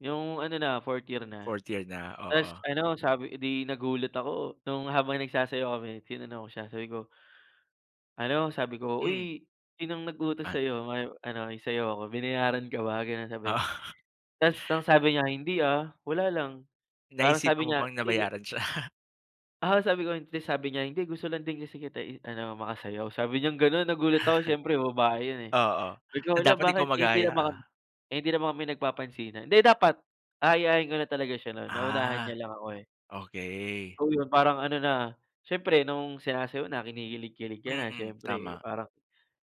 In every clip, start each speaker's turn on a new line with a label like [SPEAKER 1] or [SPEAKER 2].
[SPEAKER 1] Yung ano na 4rth year na.
[SPEAKER 2] 4th year na,
[SPEAKER 1] Tas
[SPEAKER 2] oo.
[SPEAKER 1] ano sabi eh, 'di nagulat ako nung habang nagsasayaw kami tinanong ko siya sabi ko ano sabi ko,
[SPEAKER 2] Mm.
[SPEAKER 1] "Uy, sinong nag-utos
[SPEAKER 2] An
[SPEAKER 1] sa'yo may ano isayaw ako binayaran ka ba?" Gano'n sabi,
[SPEAKER 2] Ah.
[SPEAKER 1] tas ang sabi niya, "Hindi, ah, wala lang." Parang sabi
[SPEAKER 2] Naisipan mo
[SPEAKER 1] niya
[SPEAKER 2] pang
[SPEAKER 1] "Sige"
[SPEAKER 2] nabayaran siya?
[SPEAKER 1] ah, sabi ko hindi, sabi niya "Hindi gusto lang din kasi kita i-ano makasayaw." Sabi niyang gano'n nagulat ako siyempre babae 'yun, eh.
[SPEAKER 2] Oo,
[SPEAKER 1] Sabi ko,
[SPEAKER 2] na
[SPEAKER 1] hala
[SPEAKER 2] dapat ikaw
[SPEAKER 1] bakit hindi
[SPEAKER 2] mag-aya,
[SPEAKER 1] naman,
[SPEAKER 2] ah.
[SPEAKER 1] eh, hindi naman kami nagpapansinan. Hindi dapat, aayain ko na talaga siya no'n naunahan niya
[SPEAKER 2] Ah,
[SPEAKER 1] lang ako, eh.
[SPEAKER 2] okey.
[SPEAKER 1] Oh, 'yun parang ano na, siyempre nung sinasayaw na kinikilig-kilig ka na
[SPEAKER 2] Mm,
[SPEAKER 1] siyempre
[SPEAKER 2] tama.
[SPEAKER 1] parang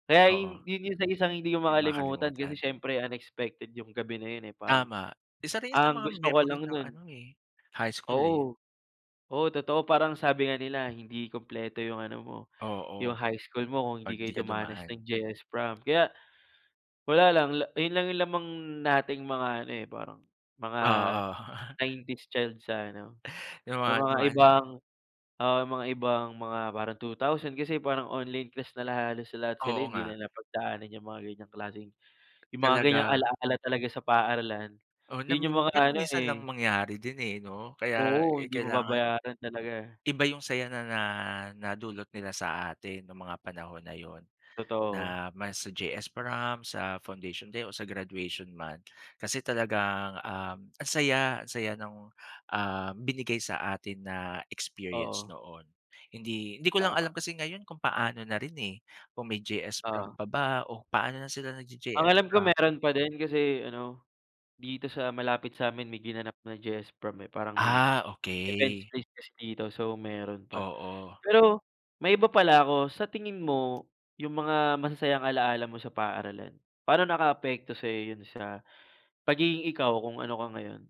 [SPEAKER 1] kaya
[SPEAKER 2] Oo.
[SPEAKER 1] 'yun yung sa isang hindi ko
[SPEAKER 2] 'Di
[SPEAKER 1] makalimutan
[SPEAKER 2] makakalimutan.
[SPEAKER 1] kasi siyempre unexpected yung gabi na 'yun, eh, parang,
[SPEAKER 2] Tama, isa rin sa
[SPEAKER 1] ang
[SPEAKER 2] mga
[SPEAKER 1] gusto ko
[SPEAKER 2] memory
[SPEAKER 1] lang
[SPEAKER 2] ng
[SPEAKER 1] no'n
[SPEAKER 2] ano, eh, high school, eh.
[SPEAKER 1] oo. Oo totoo, parang sabi nga nila hindi kumpleto yung ano mo, yung
[SPEAKER 2] Oo.
[SPEAKER 1] high school mo kung hindi
[SPEAKER 2] 'Pag
[SPEAKER 1] kayo
[SPEAKER 2] 'di ka
[SPEAKER 1] dumanas
[SPEAKER 2] dumaan.
[SPEAKER 1] ng JS prom kaya, wala lang la ayun lang lamang nating mga ano, eh, parang mga
[SPEAKER 2] Oo.
[SPEAKER 1] '90s child sa ano,
[SPEAKER 2] Yung
[SPEAKER 1] sa
[SPEAKER 2] mga
[SPEAKER 1] mga
[SPEAKER 2] dumaan.
[SPEAKER 1] ibang, oo, mga ibang mga parang 2000 kasi parang online class na la halos lahat sila
[SPEAKER 2] Oo
[SPEAKER 1] hindi na
[SPEAKER 2] nga.
[SPEAKER 1] napagdaanan yung mga ganyang klaseng, yung mga ganyang
[SPEAKER 2] Talaga.
[SPEAKER 1] ala-ala talaga sa paaralan,
[SPEAKER 2] Oh,
[SPEAKER 1] 'yun yung
[SPEAKER 2] nam
[SPEAKER 1] mga
[SPEAKER 2] pero
[SPEAKER 1] ano,
[SPEAKER 2] minsan lang
[SPEAKER 1] eh
[SPEAKER 2] mangyari din, eh, 'no kaya,
[SPEAKER 1] oo,
[SPEAKER 2] eh,
[SPEAKER 1] hindi mo
[SPEAKER 2] kailangan,
[SPEAKER 1] mababayaran talaga.
[SPEAKER 2] iba yung saya na na nadulot nila sa atin nung mga panahon na 'yun
[SPEAKER 1] Totoo.
[SPEAKER 2] na mas sa JS prom, sa Foundation Day o sa graduation man kasi talagang, um, ang saya, ang saya nung, ah, binigay sa atin na experience
[SPEAKER 1] Oo.
[SPEAKER 2] noon. Hindi, hindi ko lang alam
[SPEAKER 1] Tama.
[SPEAKER 2] kasi ngayon kung paano na rin, eh, kung may JS prom
[SPEAKER 1] Oo.
[SPEAKER 2] pa ba o paano na sila
[SPEAKER 1] Ang
[SPEAKER 2] nag-j-JS
[SPEAKER 1] alam ko
[SPEAKER 2] prom?
[SPEAKER 1] mayro'n pa din kasi ano, dito sa malapit sa'min may ginanap na JS prom, eh, parang may
[SPEAKER 2] Ah,
[SPEAKER 1] events
[SPEAKER 2] okey.
[SPEAKER 1] place kasi dito so mayro'n pa.
[SPEAKER 2] Oo.
[SPEAKER 1] Pero, maiba
[SPEAKER 2] M
[SPEAKER 1] pala ako, sa tingin mo yung mga masasayang alala mo sa paaralan, paano nakaapekto sa'yo 'yun sa, pagiging ikaw kung ano ka ngayon?